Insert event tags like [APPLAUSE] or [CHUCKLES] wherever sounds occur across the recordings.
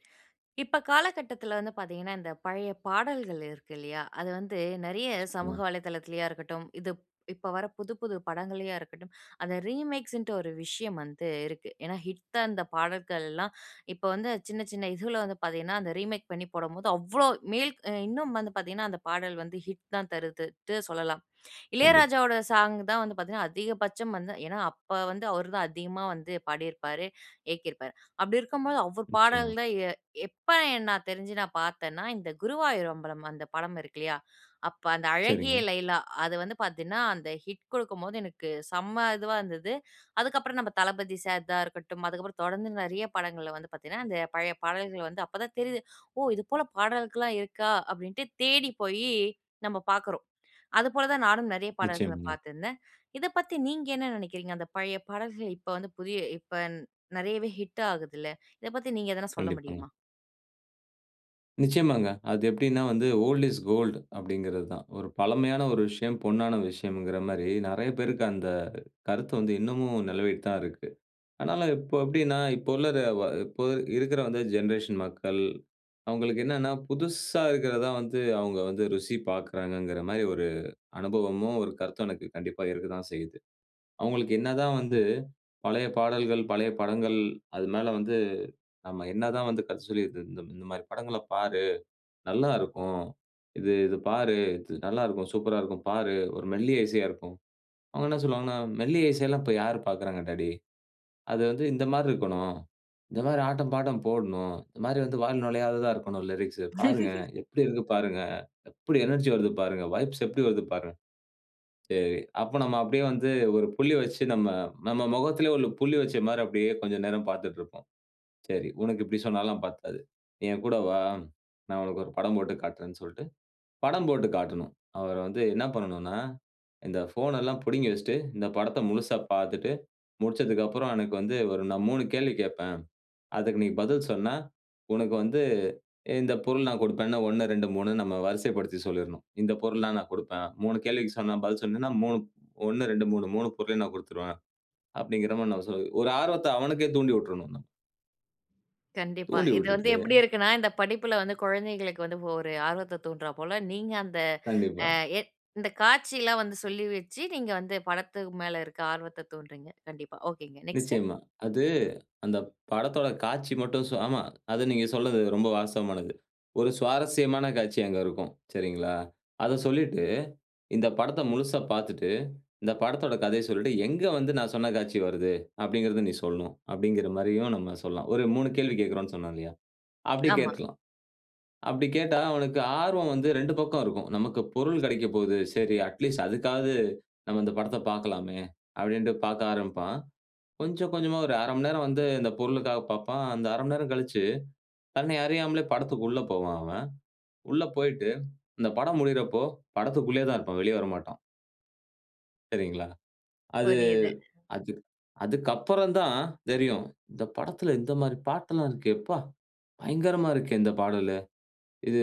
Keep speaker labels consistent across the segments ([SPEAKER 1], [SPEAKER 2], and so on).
[SPEAKER 1] [INHALES] இப்ப காலகட்டத்துல வந்து பாத்தீங்கனா, இந்த பழைய பாடல்கள் இருக்கு இல்லயா? அது வந்து நெறைய சமூக
[SPEAKER 2] பார்ங்க.
[SPEAKER 1] வலைதளத்துலயா இருக்கட்டும், இது இப்ப வர்ற புது புது படங்கள்லயா இருக்கட்டும். அந்த ரீமேக்ஸ்ன்டு ஒரு விஷயம் வந்து இருக்கு. ஏன்னா ஹிட்டா அந்த பாடல்கள்லாம் இப்ப வந்து சின்ன சின்ன இதுல வந்து பாத்தீங்கன்னா அந்த ரீமேக் பண்ணி போடம்போது அவ்வளவு மேல்க் இன்னும் வந்து பாத்தீங்கன்னா, அந்த பாடல் வந்து ஹிட் தான் தருதுன்னுட்டு சொல்லலாம்.
[SPEAKER 2] கண்டிப்பா.
[SPEAKER 1] இளையராஜாவோட சாங் தான் வந்து பாத்தீங்கன்னா, அதிகபட்சம் வந்து ஏன்னா, அப்ப வந்து அவரு தான் அதிகமா வந்து பாடிருப்பாரு. இயக்கிருப்பாரு. அப்படி இருக்கும் போது அவரு பாடல்
[SPEAKER 2] நிச்சயமா.
[SPEAKER 1] தான் எ எப்ப என் நான் தெரிஞ்சு நான் பார்த்தன்னா, இந்த குருவாயூர் அம்பலம் அந்த படம் இருக்கு இல்லயா? அப்ப அந்த "அழகிய
[SPEAKER 2] சரிங்க.
[SPEAKER 1] லைலா" அது வந்து பார்த்தீங்கன்னா, அந்த ஹிட் கொடுக்கும்போது எனக்கு செம்ம இதுவா இருந்தது. அதுக்கப்புறம் நம்ம தளபதி சார் தான் இருக்கட்டும், அதுக்கப்புறம் தொடர்ந்து நெறைய படங்கள்ல வந்து பார்த்தீங்கன்னா, அந்த பழைய பாடல்கள் வந்து அப்ப தான் தெரியுது. "ஓ இது போல பாடல்கள்லாம் இருக்கா?"அப்படின்ட்டு தேடி போயி நம்ம பார்க்குறோம். அது போல தான் நானும் நெறைய பாடல்கள
[SPEAKER 2] நிச்சயம்ங்க.
[SPEAKER 1] பார்த்திருந்தேன். இத பத்தி நீங்க என்ன நெனைக்கிறீங்க? அந்த பழைய பாடல்கள் இப்ப வந்து புதிய இப்ப நெறையவே ஹிட் ஆகுதுல்ல, இத பத்தி நீங்க எதனா சொல்ல
[SPEAKER 2] கண்டிப்பாங்க.
[SPEAKER 1] முடியுமா?
[SPEAKER 2] நிச்சயமாங்க. அது எப்டீன்னா, வந்து ஓல்ட் இஸ் கோல்ட், அப்டீங்குறது தான். ஒரு பழமையான ஒரு விஷயம், பொன்னான விஷயங்குற மாரி, நெறையா பேருக்கு அந்த கருத்து வந்து இன்னமும் நிலவிட்டு தான் இருக்கு. ஆனாலும் இப்போ எப்டீன்னா, இப்போ உள்ள ர ஒ அ இப்போ இருக்குற வந்து ஜென்ரேஷன் மக்கள் அவங்களுக்கு என்னனா, புதுசா இருக்குறது தான் வந்து, அவங்க வந்து ருசி பாக்குறாங்குற மாரி ஒரு அனுபவமும், ஒரு கருத்தும் எனக்கு கண்டிப்பா இருக்கத்தான் செய்யுது. அவங்களுக்கு என்ன தான் வந்து, பழைய பாடல்கள், பழைய படங்கள் அதுனால வந்து, நம்ம என்னதான் வந்து, கதை சொல்லிட்டு "இ இந் இந்த மாரி, படங்கள்ல பாரு. நல்லா இருக்கும். இது இது பாரு. இது நல்லா இருக்கும். சூப்பரா இருக்கும் பாரு. ஒரு மெல்லிய இசையா இருக்கும்." அவங்க என்ன சொல்வாங்கன்னா, "மெல்லிய இசைல்லாம் இப்ப யாரு பாக்குறாங்க டாடி அது வந்து இந்த மாரி இருக்கணும். இந்த மாரி ஆட்டம், பாட்டம் போடணும். இந்த மாரி வந்து, வாயில நுழையாததா இருக்கணும் லிரிக்ஸ்சு பாருங்க.
[SPEAKER 1] [LAUGHS]
[SPEAKER 2] எப்படி இருக்கு பாருங்க. எப்படி எனர்ஜி வருது பாருங்க? வைப்ஸ் எப்படி வருது? பாருங்க." சரி, அப்போ நம்ம அப்டியே வந்து ஒரு புள்ளி வச்சி நம்ம நம்ம முகத்துலேயும் ஒரு புள்ளி வச்ச மாரி அப்படியே கொஞ்ச நேரம் பாத்துட்டு இருப்போம். "சரி, உனக்கு இப்படி சொன்னாலாம் பத்தாது. என் கூட வா. நான் உனக்கு ஒரு படம் போட்டு காட்டுறேன்", சொல்டு படம் போட்டு காட்டணும். அவர் வந்து என்ன பண்ணணுனா, இந்த ஃபோன் எல்லாம் புடுங்கி வச்சிட்டு, இந்த படத்த முழுசா பாத்துட்டு, முடிச்சதுக்கப்பறம் எனக்கு வந்து ஒரு, நான் ஒரு 3 கேள்வி கேட்பேன். அதுக்கு நீ பதில் சொன்னா உனக்கு வந்து இந்த பொருள் நான் குடுப்பேன்னு 1 2 3 நம்ம வரிசைப்படுத்தி சொல்லிரணும். "இந்த பொருள்லாம் நான் கொடுப்பேன்" 3 கேள்விக்கு சொன்னா பதில் சொன்னேன்னா 3 1, 2, 3. 3 பொருளையும் நான் குடுத்துருவேன். அப்டீங்கற மாரி, நான் சொ ஒரு ஆர்வத்த அவனுக்கே தூண்டி உட்றனுங்க.
[SPEAKER 1] கண்டிப்பா.
[SPEAKER 2] தூண்டி
[SPEAKER 1] இது வந்து
[SPEAKER 2] விட்டுட்டு.
[SPEAKER 1] எப்பிடி இருக்குனா, இந்த படிப்புல வந்து குழந்தைகளுக்கு வந்து ஒரு ஆர்வத்த தூண்ட்றாபோல நீங்க அந்த
[SPEAKER 2] கண்டிப்பா.
[SPEAKER 1] அ எ இந்த காட்சி எல்லாம் வந்து சொல்லிவச்சி நீங்க வந்து படத்துக்கு மேல இருக்க ஆர்வத்த தூண்டுறீங்க. கண்டிப்பா. ஒகே ங்க நெக்ஸ்ட்.
[SPEAKER 2] நிச்சயமா. அது அந்த படத்தோட காட்சி மட்டும். ஸோ, ஆமா. அது நீங்க சொல்றது ரொம்ப வாஸ்தவமானது. ஒரு சுவாரஸ்யமான காட்சி அங்க இருக்கும். சரிங்களா? அத சொல்லிட்டு இந்த படத்த முழுசா பார்த்துட்டு, இந்த படத்தோட கதைய சொல்லிட்டு எங்க வந்து நான் சொன்ன காட்சி வருது? அப்பிடிங்கிறத நீ சொல்லணும். அப்பிடிங்கிறமாரியும் நம்ம சொல்லாம். ஒரு 3 கேள்வி கேட்கிறோன்னு சொன்னோம் இல்லயா? அப்பிடி
[SPEAKER 1] ஆமா.
[SPEAKER 2] கேட்டுருலாம். அப்பிடி கேட்டா அவனுக்கு ஆர்வம் வந்து 2 பக்கம் இருக்கும். நமக்கு பொருள் கிடைக்க போகுது. சரி அட் லீஸ்ட் அதுக்காவது நம்ம இந்த படத்த பார்க்கலாமே! அப்பிடின்டு பார்க்க ஆரம்பிப்பான். கொஞ்சம், கொஞ்சமா ஒரு 1/2 மணி நேரம் வந்து இந்த பொருளுக்காக பார்ப்பான். அந்த 1/2 மணி நேரம் கழிச்சு, தன்னை அறியாமலே படத்திற்கு உள்ள போவான் அவன். உள்ள போயிட்டு இந்த படம் முடியுறப்போ படத்திற்குள்ளேயே தான் இருப்பான். வெளிய வரமாட்டான். சரிங்களா? அது,
[SPEAKER 1] புரியுது.
[SPEAKER 2] அதுக் அதுக்கு அப்புறம் தான் தெரியும். "இந்த படத்தில இந்தமாரி பாட்டெல்லாம் இருக்கே! எப்பா! பயங்கரமா இருக்கே! இந்த பாடலு. இது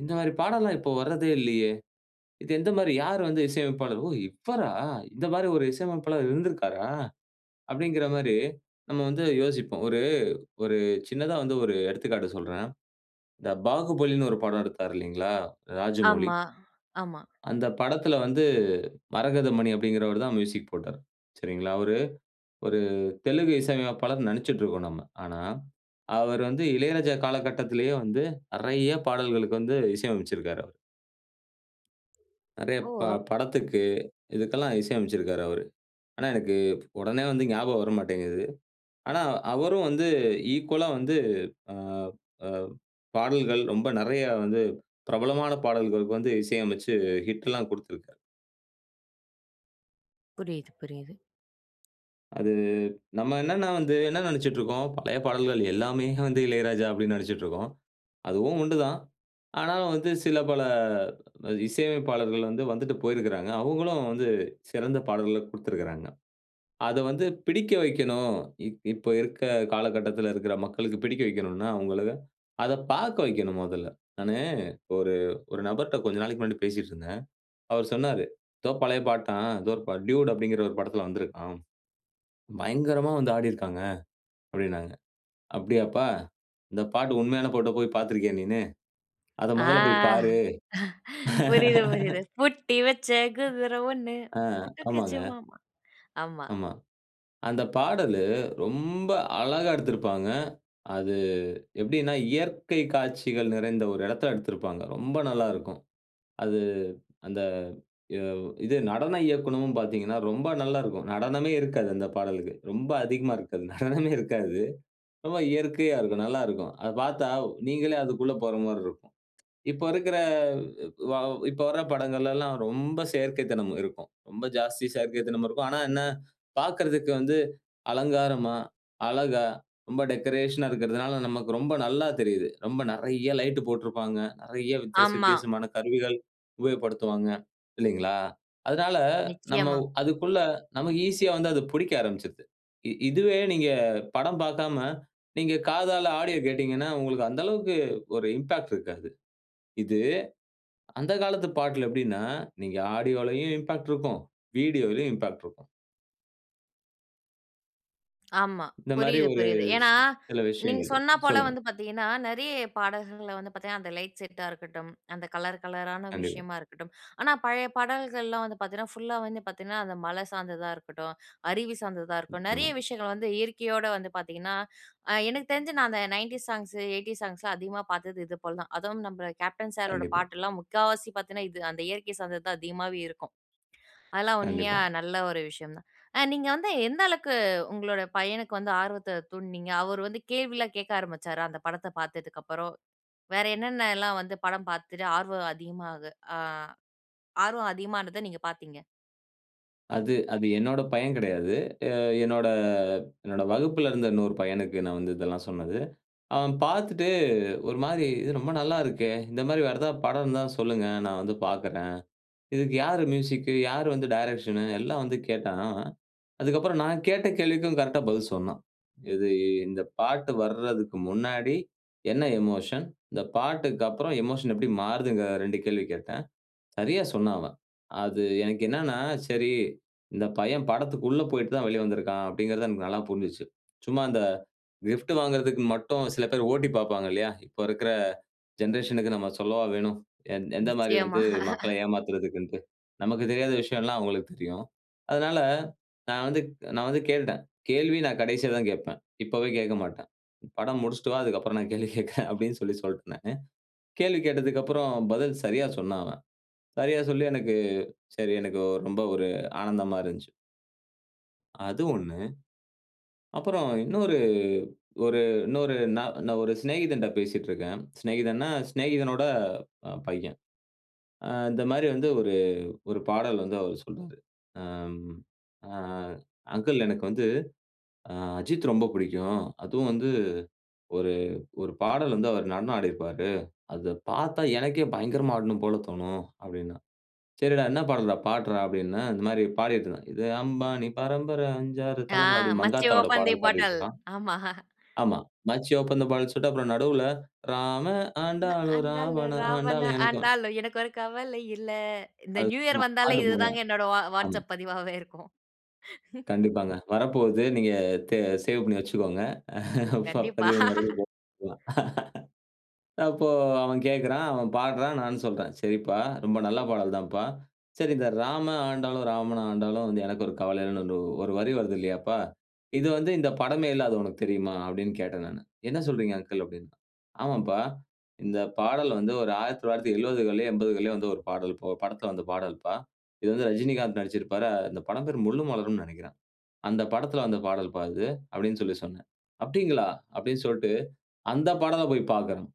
[SPEAKER 2] இந்தமாரி பாடல்லாம் இப்போத வர்றதே இல்லயே! இது எந்தமாரி யார் வந்து இசையமைப்பாளர்? ஓ! இவரா இந்தமாரி ஒரு இசையமைப்பாளர் இருந்திருக்காரா?" அப்பிடிங்கிறமாரி நம்ம வந்து யோசிப்போம். ஒரு, ஒரு சின்னதா வந்து ஒரு எடுத்துக்காட்டு சொல்றேன். இந்த பாகுபலின்னு ஒரு படம் எடுத்தாரு இல்லேங்களா! ராஜமௌலி.
[SPEAKER 1] ஆமா. ஆமா.
[SPEAKER 2] அந்த படத்தில வந்து மரகதமணி அப்பிடிங்கிறவருதான் மியூசிக் போட்டார். சரிங்களா. அவரு ஒரு தெலுங்கு இசை அமைப்பாளர்னு நினச்சிட்டு இருக்கோம் நம்ம. ஆனா, அவர் வந்து இளையராஜா காலகட்டத்திலேயே வந்து நிறைய பாடல்களுக்கு வந்து இசை அமைச்சிருக்காரு. நிறைய
[SPEAKER 1] ஓ!
[SPEAKER 2] ப படத்துக்கு, இதுக்கெல்லாம் இசை அமைச்சிருக்கறாரு அவரு. ஆனா எனக்கு உடனே வந்து ஞாபகம் வர மாட்டேங்குது. ஆனா அவரும் வந்து ஈக்வல்லா வந்து அ அ பாடல்கள் ரொம்ப நிறையா வந்து பிரபலமான பாடல்களுக்கு வந்து இசை அமைச்சு ஹிட்லாம் குடுத்திருக்கிறாரு.
[SPEAKER 1] புரியுது, புரியுது.
[SPEAKER 2] அது நம்ம என்னென்ன வந்து, என்ன நெனச்சுட்டு இருக்கோம், பழைய பாடல்கள் எல்லாமே [CHUCKLES] வந்து இளையராஜா அப்படின்னு நெனச்சுக்கிட்டு இருக்கோம். அதுவும் உண்டுதான். ஆனாலும் வந்து சில பல இசையமைப்பாளர்கள் வந்து வந்துட்டு போயிருக்கறாங்க. அவங்களும் வந்து சிறந்த பாடல்கள குடுத்திருக்கறாங்க. அதை வந்து பிடிக்க வைக்கணும். இப் இப்ப இருக்க காலகட்டத்தில இருக்கிற மக்களுக்கு பிடிக்க வைக்கணும்ன்னா, அவங்களை அத பார்க்க வைக்கணும் முதல்ல. நானு ஒரு ஒரு நபர்கிட்ட கொஞ்ச நாளைக்கு முன்னாடி பேசிட்டு இருந்தேன். அவர் சொன்னாரு, "எதோ பழைய பாட்டாம், ஏதோ ஒரு பாட் டியூட் அப்படிங்கிற ஒரு படத்தில வந்திருக்காம். பயங்கரமா வந்து ஆடியிருக்கறாங்க" அப்படின்னாங்க. அப்படியாப்பா, இந்த பாட்டு உண்மையான பாட்ட போய் பார்த்து இருக்கியா நீன்னு. அத
[SPEAKER 1] ஆ.
[SPEAKER 2] முதல்ல போய் பாரு.
[SPEAKER 1] புரியுது புரியுது.
[SPEAKER 2] [LAUGHS]
[SPEAKER 1] பூட்டி வச்ச குதிரை ஒண்ணு
[SPEAKER 2] ஆ.
[SPEAKER 1] புட்டுக்கிச்சி
[SPEAKER 2] ஆமாங்க.
[SPEAKER 1] மாமா. ஆமா.
[SPEAKER 2] ஆமா. அந்த பாடலு ரொம்ப அழகா எடுத்திருப்பாங்க. அது எப்படின்னா, இயற்கை காட்சிகள் நிறைந்த ஒரு இடத்தில எடுத்திருப்பாங்க. ரொம்ப நல்லா இருக்கும். அது அந்த வ் இது நடன இயக்கணும்ன்னு பார்த்தீங்கன்னா, ரொம்ப நல்லா இருக்கும். நடனமே இருக்காது அந்த பாடலுக்கு ரொம்ப அதிகமா இருக்காது. நடனமே இருக்காது. ரொம்ப இயற்கையா இருக்கும். நல்லா இருக்கும். அதை பார்த்தா நீங்களே அதுக்குள்ளே போற மாரி இருக்கும். இப்போ இருக்குற வாவ் இப்போ வர பாடல்கலெல்லாம் ரொம்ப செயற்கை தனம் இருக்கும். ரொம்ப ஜாஸ்தி செயற்கைத்தனமும் இருக்கும். ஆனா என்ன பாக்கறதுக்கு வந்து அலங்காரமா, அழகா ரொம்ப டெக்கரேஷன்னா இருக்கின்றதனால, நமக்கு ரொம்ப நல்லா தெரியுது. ரொம்ப நிறைய லைட் போட்டிருப்பாங்க. நிறைய வித்தியாசம்
[SPEAKER 1] ஆமா.
[SPEAKER 2] வித்தியாசமான கருவிகள் உபயோகப்படுத்துவாங்க. இல்லைங்களா? அதனால நம்ம
[SPEAKER 1] நிச்சயமா.
[SPEAKER 2] வ் அதுக்குள்ள நமக்கு ஈசியா வந்து அது புடிக்க ஆரம்பிச்சுடுது. இ இதுவே நீங்க படம் பார்க்காம நீங்க காதால ஆடியோ கேட்டீங்கன்னா, உங்களுக்கு அந்த அளவுக்கு ஒரு இம்பாக்ட் இருக்காது. இது அந்த காலத்து பாட்டுல எப்படின்னா நீங்க ஆடியோவும் இம்பாக்ட் இருக்கும். வீடியோலயும் இம்பாக்ட் இருக்கும்.
[SPEAKER 1] ஆமா.
[SPEAKER 2] இந்தமாரி
[SPEAKER 1] புரியுது,
[SPEAKER 2] ஒரு
[SPEAKER 1] புரியுது.
[SPEAKER 2] சி
[SPEAKER 1] ஏன்னா,
[SPEAKER 2] சில
[SPEAKER 1] நீங்க
[SPEAKER 2] விஷயங்கள் இருக்கு.
[SPEAKER 1] சொன்னா போல
[SPEAKER 2] சொல்லுங்க.
[SPEAKER 1] வந்து பார்த்தீங்கன்னா, நிறைய பாடல்கள் வந்து பார்த்தீங்கன்னா, அந்த லைட் செட்டா இருக்கட்டும், அந்த கலர் கலரான
[SPEAKER 2] கண்டிப்பா.
[SPEAKER 1] விஷயமா இருக்கட்டும். ஆனா, பழைய பாடல்கள்லாம் வந்து பார்த்தேன்னா, ஃபுல்லா வந்து பார்த்தேன்னா, அந்த மலை சார்ந்ததா இருக்கட்டும், அருவி சார்ந்ததா இருக்கும்.
[SPEAKER 2] நிச்சயமா.
[SPEAKER 1] நிறைய விஷயங்கள் வந்து இயற்கையோட வந்து பார்த்தீங்கன்னா, அ எனக்கு தெரிஞ்சு நான் அந்த 90ஸ் சாங்ஸ், 80ஸ் சாங்ஸ்லாம் அதிகமா பார்த்தது இது போல தான். அதுவும் நம்ம கேப்டன் சாரோட
[SPEAKER 2] கண்டிப்பா.
[SPEAKER 1] பாட்டுல்லாம் முக்காவாசி பார்த்தேன்னா, இது அந்த இயற்கை சார்ந்தது தான் அதிகமாவே இருக்கும். அதெல்லாம் உண்மையா
[SPEAKER 2] கண்டிப்பா.
[SPEAKER 1] நல்ல ஒரு விஷயம் தான். அ நீங்க வந்து எந்த அளவுக்கு உங்களோட பையனுக்கு வந்து ஆர்வத்த தூண்ட்னீங்க? அவரு வந்து கேள்வி கேக்க ஆரம்பிச்சாரா? அந்த படத்த பாத்ததுக்கப்பறம், வேற என்னென்னல்லாம் வந்து படம் பாத்துட்டு ஆர்வம் அதிகமா ஆ ஆர்வம் அதிகமானத நீங்க பாத்தீங்க.
[SPEAKER 2] அது அது என்னோட பையன் கிடையாது. அ என்னோட என்னோட வகுப்பில இருந்த இன்னொரு பையனுக்கு நான் வந்து இதெல்லாம் சொன்னது. அவன் பார்த்துட்டு ஒருமாரி இது ரொம்ப நல்லா இருக்கே! இந்தமாரி வேற எதா படம் இருந்தா சொல்லுங்க. நான் வந்து பார்க்கிறேன். இதுக்கு யாரு மியூசிக்? யாரு வந்து டைரக்ஷன்? எல்லாம் வந்து கேட்டான், அதுக்கப்புறம் நான் கேட்ட கேள்விக்கும் கரெக்ட்டா பதில் சொன்னான். இது இந்த பாட்டு வர்றதுக்கு முன்னாடி என்ன எமோஷன்? இந்த பாட்டுக்கப்புறம் எமோஷன் எப்பிடி மாறுதுங்கிற 2 கேள்வி கேட்டேன். சரியா சொன்னான் அவன். அது எனக்கு என்னன்னா சரி, இந்த பையன் படத்துக்குள்ள போயிட்டுதான் வெளிய வந்திருக்கிறான். அப்பிடிங்கிறது எனக்கு நல்லா புரிஞ்சிச்சு. சும்மா அந்த கிஃப்ட் வாங்குறதுக்கு மட்டும் சில பேர் ஓட்டிப் பாப்பாங்க இல்லயா! இப்ப இருக்கிற ஜெனரேஷன்க்கு நம்ம சொல்லவா வேணும்? எ எந்த மாதிரி
[SPEAKER 1] நிச்சயமா.
[SPEAKER 2] வந்து மக்கள
[SPEAKER 1] [LAUGHS]
[SPEAKER 2] ஏமாத்துறதுக்குன்டு. நமக்குத் தெரியாத விஷயம்லாம் அவுங்களுக்கு தெரியும். அதனால, நான் வந்து நான் வந்து கேட்டுட்டேன். கேள்வி நான் கடைசில தான் கேட்பேன். இப்பவே கேட்க மாட்டேன். படம் முடிச்சுட்டு வா, அதுக்கப்புறம் நான் கேள்வி கேட்கிறேன் அப்பிடின்னு சொல்லி சொல்லிட்டேன் நானு கேள்வி கேட்டதுக்கப்புறம் பதில் சரியா சொன்னான் அவன். சரியா சொல்லி எனக்கு சரி எனக்கு ரொம்ப ஒரு ஆனந்தமா இருந்துச்சு. அது ஒண்ணு. அப்பறம் இன்னொரு ஒரு இன்னொரு ந நான் ஒரு சிநேகிதன்ட்ட பேசிட்டு இருக்கேன். சிநேகிதன்னா, சிநேகிதனோட அ பையன். ஆ இந்த மாரி வந்து ஒரு ஒரு பாடல் வந்து அவர் சொல்றாரு. அம். அ "அங்கிள் எனக்கு வந்து, அ அஜித் ரொம்ப பிடிக்கும். அதுவும் வந்து ஒரு ஒரு பாடல் வந்து அவரு நடனம் ஆடியிருப்பாரு. அத பாத்தா எனக்கே பயங்கரமா ஆடணும் போல தோணும்" அப்டின்னா. "சரிடா, என்ன பாடல்றா பாடுறா" அப்படினேன். இந்த மாரி பாடிட்ருந்தான். "இது அம்பானி பரம்பர அஞ்சு ஆறு
[SPEAKER 1] ஆ.
[SPEAKER 2] தலைமுற" அப்படின்னு,
[SPEAKER 1] மச்சி
[SPEAKER 2] மங்காத்தாவோட
[SPEAKER 1] ஓப்பன் தே
[SPEAKER 2] பாடல்
[SPEAKER 1] பாட்டில்.
[SPEAKER 2] பாடிட்ருந்தான்.
[SPEAKER 1] ஆமா.
[SPEAKER 2] ஆமா, "மச்சி ஓப்பன் த பாட்டில்னு" சொல்ட்டு அப்றம் நடுவுல, "ராமன்
[SPEAKER 1] "நா
[SPEAKER 2] ஆண்டாளு
[SPEAKER 1] ஆண்டாலும்
[SPEAKER 2] ராவணன்
[SPEAKER 1] ராவண
[SPEAKER 2] ஆண்டாளும் எனக்கு ஒரு
[SPEAKER 1] ஆண்டாலும் எனக்கு ஒரு கவல இல்ல." இந்த
[SPEAKER 2] அது
[SPEAKER 1] நியூ இயர்
[SPEAKER 2] [UNINTELLIGIBLE]
[SPEAKER 1] வந்தாலே,
[SPEAKER 2] பாட்டு [UNINTELLIGIBLE]
[SPEAKER 1] இதுதாங்க என்னோட வா
[SPEAKER 2] ஆமா.
[SPEAKER 1] வாட்ஸ்சப் பதிவாவே இருக்கும். [CHUCKLES]
[SPEAKER 2] கண்டிப்பாங்க. வரப்போகுது. நீங்க தே சேவ் பண்ணி வச்சுக்கோங்க.
[SPEAKER 1] கண்டிப்பா.
[SPEAKER 2] பதிவு மறுபடியும் போட்டுட்டுரலாம். அப்போ, அவன் கேட்குறான் அவன் பாடுறான், நானும் சொல்றேன். "சரிப்பா, ரொம்ப நல்ல பாடல் தான்பா. சரி, இந்த ராமன் ஆண்டாலும், ராவண ஆண்டாலும் வந்து எனக்கு ஒரு கவல இல்லன்னு ஒரு வரி வருதில்லையாப்பா? இது வந்து இந்த படமே இல்ல, அது உனக்கு தெரியுமா?"அப்படின்னு கேட்டேன் நானு. "என்ன சொல்றீங்க அங்கிள்?", அப்டின்னா. "ஆமாம்பா, இந்த பாடல் வந்து ஒரு 1970கள்லயோ 80கள்லயோ வந்து, ஒரு பாடல்ப்பா. ஒரு படத்துல வந்த பாடல்ப்பா. இது வந்து ரஜினிகாந்த் நடிச்சிருப்பாரு. இந்த படம் பேரு முள்ளும் மலரும்ன்னு நெனைக்கிறேன். அந்த படத்துல வந்த பாடல்பா இது" அப்படின்னு சொல்லி சொன்னேன். "அப்டிங்களா?" அப்படின் சொல்டு அந்த பாடலப் போயி பாக்கணும்.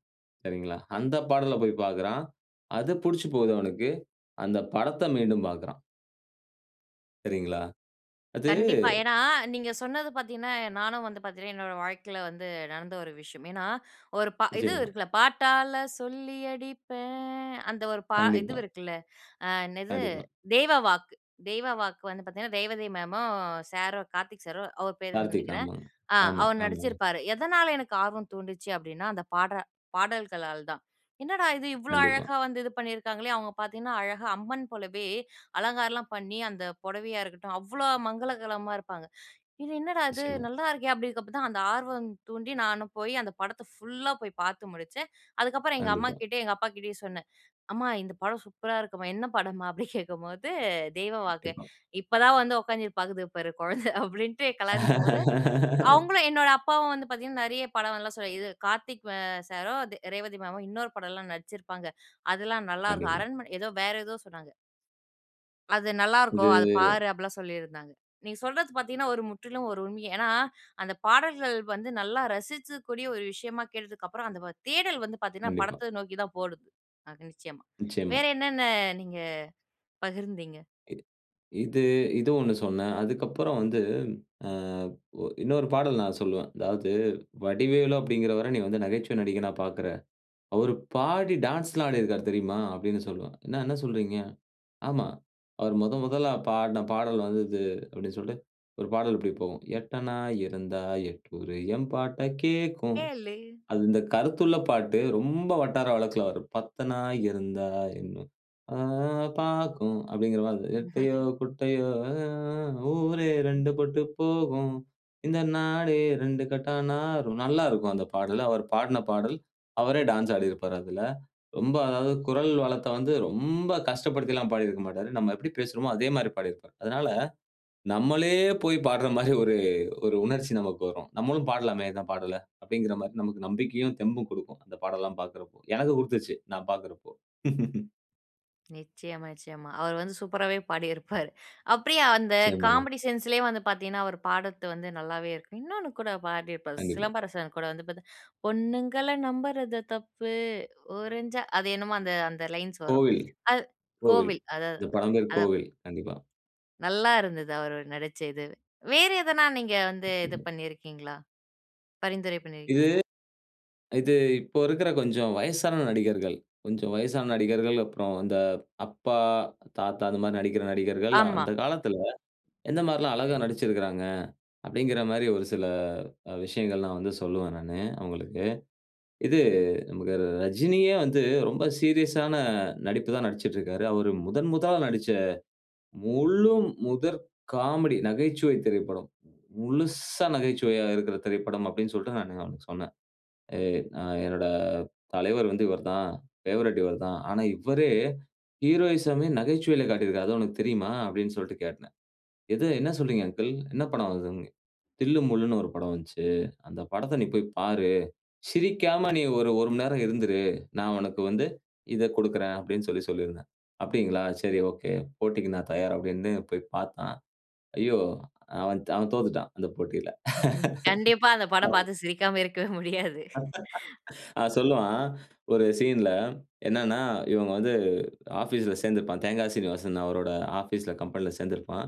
[SPEAKER 2] சரிங்களா, அந்த பாடல போயி பாக்குறான். அது புடிச்சு போவுது அவனுக்கு, அந்த படத்த மீண்டும் பாக்குறான். சரிங்களா. அது
[SPEAKER 1] கண்டிப்பா. ஏன்னா? நீங்க சொன்னது பாத்தீங்கனா, நானும் வந்து பாத்தீங்னா, என்னோட வாழ்க்கைல வந்து நடந்த ஒரு விஷயம். ஏன்னா ஒரு பா இது
[SPEAKER 2] நிச்சயமா.
[SPEAKER 1] இருக்குல்ல. "பாட்டால சொல்லி அடிப்பேன்" அந்த ஒரு பா இது
[SPEAKER 2] கண்டிப்பா.
[SPEAKER 1] இருக்குல்ல. அ என்னது?
[SPEAKER 2] கண்டிப்பா.
[SPEAKER 1] தெய்வ வாக்கு. தெய்வ வாக்கு வந்து பாத்தீங்கனா, ரேவதி மேமும் சாரும், கார்த்திக் சாரும். அவரு பேருன்னு
[SPEAKER 2] கார்த்திக்.
[SPEAKER 1] நினைக்கிறேன்.
[SPEAKER 2] ஆமாங்க.
[SPEAKER 1] அ
[SPEAKER 2] ஆமா,
[SPEAKER 1] அவரு
[SPEAKER 2] ஆமாங்க.
[SPEAKER 1] நடிச்சிருப்பாரு. எதனால எனக்கு ஆர்வம் தூண்டுச்சு அப்பிடீன்னா, அந்த பாடுற பாடல்களால் தான். என்னடா இது? இவ்வளோ
[SPEAKER 2] கண்டிப்பா.
[SPEAKER 1] அழகா வந்து இது பண்ணிருக்காங்களே? அவுங்க பார்த்தீங்கன்னா, அழகா அம்மன் போலவே அலங்காரம்லாம் பண்ணி, அந்த புடவையா இருக்கட்டும், அவ்வளோ மங்களகரமா இருப்பாங்க. இது என்னடா இது?
[SPEAKER 2] நிச்சயமா.
[SPEAKER 1] நல்லா இருக்கே! அப்பிடீங்கறப்ப தான், அந்த ஆர்வம் தூண்டி, நானும் போய் அந்த படத்த ஃபுல்லா போய் பார்த்து முடிச்சேன். அதுக்கப்புறம் எங்க
[SPEAKER 2] கண்டிப்பா.
[SPEAKER 1] அம்மாகிட்டயும், எங்க அப்பா கிட்டயும் சொன்னேன். "அம்மா இந்த படம் சூப்பரா இருக்குமா. என்ன படமா?" அப்பிடி கேட்கும்போது, "தெய்வ வாக்கு,
[SPEAKER 2] கண்டிப்பா.
[SPEAKER 1] இப்போ தான் வந்து உட்கார்ந்து இது பாக்குது பாரு குழந்தை" அப்பிடீன்ட்டு கலாய்ச்சிக்கும்போது,
[SPEAKER 2] [LAUGHS]
[SPEAKER 1] அவுங்களும், என்னோட அப்பாவும் வந்து பாத்தீங்கன்னா, நெறைய படம் நல்லா சொல். இது கார்த்திக் அ சாரும், த ரேவதி மேமும் இன்னொரு படம்லாம் நடிச்சிருப்பாங்க. அதெல்லாம் நல்லா இருக்கும்.
[SPEAKER 2] கண்டிப்பா.
[SPEAKER 1] அரண்மனை, ஏதோ வேற ஏதோ சொன்னாங்க. "அது நல்லா இருக்கும்.
[SPEAKER 2] இது
[SPEAKER 1] அத பாரு" அப்பிடீலாம் சொல்லிருந்தாங்க. நீங்க சொல்றது பாத்தீங்கன்னா ஒரு முற்றிலும் ஒரு உண்மையே. ஏன்னா, அந்த பாடல்கள் வந்து நல்லா ரசிக்கக் கூடிய ஒரு விஷயமா கேட்டதுக்கப்பறம், அந்த தேடல் வந்து பாத்தீங்கன்னா,
[SPEAKER 2] கண்டிப்பா.
[SPEAKER 1] படத்த நோக்கி தான் போயிடுது. அது நிச்சயமா.
[SPEAKER 2] நிச்சயமா.
[SPEAKER 1] வேற என்னன்ன நீங்க பகிர்ந்தீங்க?
[SPEAKER 2] இ இது, இது 1 சொன்னேன். அதற்கப்பறம் வந்து அ ஒ இன்னொரு பாடல் நான் சொல்லுவேன். அதாவது "வடிவேலு அப்பிடீங்கிறவர, நீ வந்து நகைச்சுவை நடிகனா பாக்குற. அவரு பாடி டான்ஸ்லாம் ஆடிருக்காரு தெரியுமா?" அப்பிடீன்னு சொல்வேன். "என்ன, என்ன சொல்கிறீங்க?". "ஆமா. அவரு முதன் முதலா பாடுன பாடல் வந்து இது" அப்பிடீன்னு சொல்லிட்டு ஒரு பாடல் இப்பிடி போகும். "எட்டனா இருந்தா எட்டூரு எம்பாட்ட கேட்கும்"
[SPEAKER 1] கேளு.
[SPEAKER 2] அது இந்த கருத்துள்ள பாட்டு. ரொம்ப வட்டார வழக்குல வரும். "பத்தனா இருந்தா இன்னும் அ ஆ பாக்கும்" அப்பிடீங்கிற மாரி. "நெட்டையோ,
[SPEAKER 1] [CHUCKLES]
[SPEAKER 2] குட்டையோ ஆ ஆ ஊரே ரெண்டு பட்டு போகும். இந்த நாடே ரெண்டுங்கெட்டானாகும்" நல்லாருக்கும், அந்த பாடல். அவர் பாடுன பாடல். அவரே டான்ஸ் ஆடிருப்பாரு, அதுல. ரொம்ப அதாவது குரல் வளத்த வந்து, ரொம்ப கஷ்டப்படுத்திலாம் பாடி இருக்க மாட்டாரு. நம்ம எப்பிடி பேசுறோமோ, அதே மாரி பாடியிருப்பாரு. அதுனால, நம்மளே போய் பாடுற மாரி ஒரு, ஒரு உணர்ச்சி நமக்கு வரும். நம்மளும் பாடலாமே இந்த பாடல அப்பிடீங்கிற மாரி நமக்கு நம்பிக்கையும், தெம்பும் குடுக்கும். அந்த பாடல்லாம் பார்க்குறபோ, எனக்கு குடுத்துச்சு. நான் பார்க்குறப்போ. [LAUGHS]
[SPEAKER 1] நிச்சயமா, நிச்சயமா. அவரு வந்து சூப்பராவே பாடிருப்பாரு. அப்டியே அந்த
[SPEAKER 2] [UNINTELLIGIBLE]
[SPEAKER 1] காமெடி சென்ஸ் லையே வந்து பாத்தீங்கன்னா அவரு பாடற்து வந்து நல்லாவே இருக்கும். இன்னொன்னு கூட பாடிருப்பாரு
[SPEAKER 2] கண்டிப்பா.
[SPEAKER 1] சிலம்பரசன் கூட வந்து பார்த்த பொண்ணுங்கள நம்பறது தப்பு. ஒரஞ்சா அது என்னமோ அந்த அந்த லைன்ஸ் வரும்.
[SPEAKER 2] கோவில்,
[SPEAKER 1] அது
[SPEAKER 2] கோவில்.
[SPEAKER 1] கோவில். அதா அதா
[SPEAKER 2] இந்த படம் பேர்
[SPEAKER 1] அதான்.
[SPEAKER 2] கோவில். கண்டிப்பா.
[SPEAKER 1] நல்லா இருந்துது அவரு நடிச்ச இதுவு. வேற எதனா, நீங்க வந்து இது
[SPEAKER 2] கண்டிப்பா.
[SPEAKER 1] பண்ணீருக்கீங்களா? பரிந்துரை
[SPEAKER 2] இது
[SPEAKER 1] பண்ணியிருக்கீங்களா?
[SPEAKER 2] இது இப்போ இருக்கிற கொஞ்சம் வயசான நடிகர்கள், கொஞ்சம் வயசான நடிகர்கள், அப்புறம் அந்த அப்பா, தாத்தா அது மாரி நடிக்கிற நடிகர்கள்
[SPEAKER 1] ஆமா.
[SPEAKER 2] அந்த காலத்துல, எந்த மாரில்லாம் அழகா நடிச்சிருக்குறாங்க. அப்டிங்கிற மாரி ஒரு சில அ விஷயங்கள்லாம் வந்து சொல்லுவன் நானு அவங்களுக்கு. இது நமக்கு ரஜினியே வந்து, ரொம்ப சீரியஸான நடிப்பு தான் நடிச்சிட்ருக்கிறாரு. அவரு முதன் முதலா நடிச்ச முழு முதற் காமெடி, நகைச்சுவை திரைப்படம். முழுஸ்சா நகைச்சுவையா இருக்கிற திரைப்படம் அப்டின்னு சொல்ட்டு நானு அவனுக்கு சொன்னேன். எ அ "என்னோட தலைவர் வந்து இவரு தான். ஃபேவரட் இவர் தான். ஆனா, இவரே ஹீரோயிசம் ஏ நகைச்சுவையில காட்டியிருக்கிறாரு. அது உனக்கு தெரியுமா?" அப்டின்னு சொல்ட்டு கேட்டேன். "எது? என்ன சொல்றீங்க அங்கிள்? என்ன படம் வந்தது?" "தில்லு முல்லுனு ஒரு படம் வந்ச்சு. அந்த படத்த நீ போய் பாரு. சிரிக்காம நீ ஒரு 1 மண் நேரம் இருந்திரு. நான் உனக்கு வந்து இத குடுக்குறன்" அப்டின் சொல்லி சொல்லியிருந்தேன். "அப்டிங்களா. சரி ஓக்கே. போட்டிக்கு நான் தயார்" அப்டின்னு போய் பாத்தான். ஐயோ! அவன் அவன் தோத்துட்டான். அந்த போட்டில.
[SPEAKER 1] [CHUCKLES] கண்டிப்பா. அந்த படம்
[SPEAKER 2] [LAUGHS] [UNINTELLIGIBLE]
[SPEAKER 1] பாத்து சிரிக்காம இருக்கவே முடியாது.
[SPEAKER 2] [LAUGHS] [INHALES] அவன் சொல்லுவான். ஒரு சீன்ல என்னான்னா, இவுங்க வந்து ஆஃபீஸ்ல சேந்துருப்பான். தேங்கா சீனிவாசன் அவரோட ஆபீஸ்ல கம்பெனில சேந்திருப்பான்.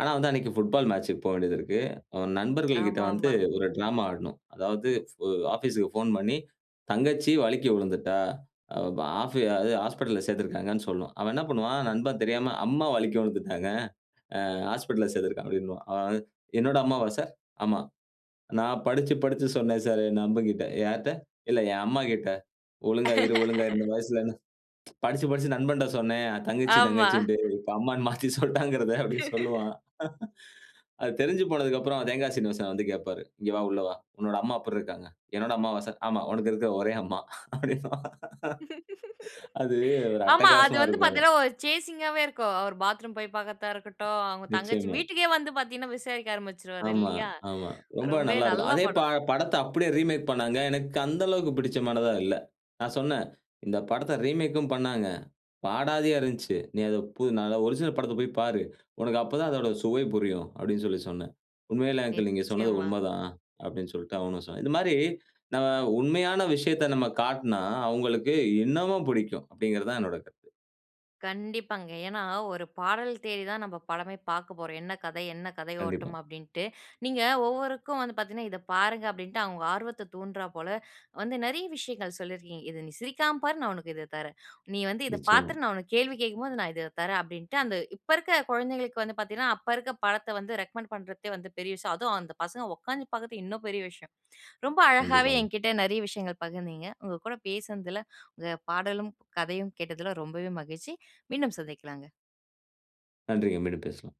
[SPEAKER 2] ஆனா, வந்து அன்னைக்கு புட்பால் மேட்ச்க்கு போவேண்டியததிருக்கு. அவன் நண்பர்கள் கிட்ட வந்து
[SPEAKER 1] ஆமாமா.
[SPEAKER 2] ஒரு டிராமா ஆடணும். அதாவது உ ஆபீஸ் க்கு ஃபோன் பண்ணி, தங்கச்சி வலுக்கி உழுந்துட்டா, ஆ வு ப ஆஃபி அது ஹாஸ்பிட்டல்ல சேத்திருக்காங்கன்னு சொல்லணும். அவன் என்ன பண்ணுவான், நண்பன் தெரியாம "அம்மா வலுக்கி விழுந்துட்டாங்க. அ ஹாஸ்பிட்டல்ல சேத்திருக்கான்" அப்டின்னுவான். அவன் "என்னோட அம்மாவா சார்? ஆமா. நான் படிச்சி, படிச்சி சொன்னேன் சார் என் நண்பகிட்ட! யார்ட்ட? இல்ல என் அம்மா கிட்ட. ஒழுங்கா இரு ஒழுங்கா இரு இந்த
[SPEAKER 1] [LAUGHS]
[SPEAKER 2] வயசுலன்னு" படிச்சு படிச்சு நண்பன்ட சொன்னேன், தங்கச்சி
[SPEAKER 1] ஆமா.
[SPEAKER 2] தங்கச்சின்டு. இப்ப அம்மானு மாத்தி சொல்ட்டாங்கிறத அப்டி
[SPEAKER 1] [LAUGHS]
[SPEAKER 2] சொல்லுவான். [CHUCKLES] [INHALES] அது தெரிஞ்சு போனதுக்கப்புறம் தேங்காய் சீனிவாசன் வந்து கேப்பாரு. "இங்க வா உள்ள வா. உன்னோட அம்மா எப்பிற்ருக்காங்க? என்னோட அம்மாவா சார்? ஆமா, உனக்கு இருக்கிற ஒரே அம்மா" அப்டின்பான்.
[SPEAKER 1] [LAUGHS]
[SPEAKER 2] அது
[SPEAKER 1] [INHALES]
[SPEAKER 2] ஒரு
[SPEAKER 1] ஆமா அது
[SPEAKER 2] அட்டகாசமா
[SPEAKER 1] வந்து
[SPEAKER 2] இருக்கும்.
[SPEAKER 1] பாத்தீங்கனா ஒரு சேசிங்காவே இருக்கும். அவரு பாத்ரூம் போய் பாக்கறத்தா இருக்கட்டும், அவுங்க தங்கச்சி
[SPEAKER 2] நிச்சயமா.
[SPEAKER 1] வீட்டுக்கே வந்து பாத்தீங்கன்னா, விசாரிக்க ஆரம்பிச்சிருவாரு
[SPEAKER 2] ஆமா,
[SPEAKER 1] இல்லீயா,
[SPEAKER 2] ஆமா. ரொம்ப
[SPEAKER 1] ரொம்பவே
[SPEAKER 2] நல்லா இருக்கும்!
[SPEAKER 1] நல்ல
[SPEAKER 2] அதே பா
[SPEAKER 1] படம்!
[SPEAKER 2] படத்த அப்டியே ரீமேக் பண்ணாங்க. எனக்கு அந்த அளவுக்கு புடிச்சமானதா இல்ல. நான் சொன்னேன், இந்த படத்த ரீமேக்கும் பண்ணாங்க. பாடாதியா இருந்துச்சு. "நீ அத போ நா தான் ஒரிஜினல் படத்த போய் பாரு. உனக்கு அப்போதான் அதோட சுவை புரியும்" அப்டின்னு சொல்லி சொன்னேன். "உண்மையில அங்கிள் நீங்க சொன்னது
[SPEAKER 1] நிச்சயமா.
[SPEAKER 2] உண்மதான்" அப்டின்னு சொல்லிட்டு அவனும் சொன்னான். இந்த மாரி நாம, உண்மையான விஷயத்த நம்ம காட்னா, அவுங்களுக்கு இன்னமும் புடிக்கும் அப்டிங்கிறது தான் என்னோட கருத்து.
[SPEAKER 1] கண்டிப்பாங்க. ஏனா, ஒரு பாடல் தேடி தான் நம்ப படமே பாக்க போறோம். "என்ன கதை? என்ன கதை
[SPEAKER 2] கண்டிப்பா.
[SPEAKER 1] ஓட்டம்?" அப்டின்ட்டு. நீங்க ஒவ்வொருவருக்கும் வந்து பாத்தீங்கன்னா "இத பாருங்க" அப்டின்னுட்டு அவுங்க ஆர்வத்த தூண்டறா போல வந்து நெறைய விஷயங்கள் சொல்லி இருக்கீங்க. "இத நீ சிரிக்காம பாரு நான் உனக்கு இத தரேன். நீ வந்து இத
[SPEAKER 2] நிச்சயமா.
[SPEAKER 1] பாத்துட்டு நான் உனக்கு கேள்வி கேக்கும் போது நான் இத தரேன்" அப்டின்ட்டு அந்த இப்ப இருக்க குழந்தைங்களுக்கு வந்து பாத்தீங்கன்னா அப்ப இருக்க படத்த வந்து ரெகமெண்ட் பண்றத்தே பெரிய விஷயம். அதுவும் அந்த பசங்க ஒக்காந்து பாக்குற்து இன்னும் பெரிய விஷயம். ரொம்ப அழகாவே
[SPEAKER 2] கண்டிப்பாங்க.
[SPEAKER 1] என்கிட்ட நிறைய விஷயங்கள் பகிர்ந்தீங்க. உங்க கூட பேசுனதுல உங்க பாடலும், கதையும் கேட்டதுல ரொம்பவே மகிழ்ச்சி. மீண்டும் சந்திக்கலாங்க.
[SPEAKER 2] நன்றிங்க. மீண்டும் பேசுவோம்.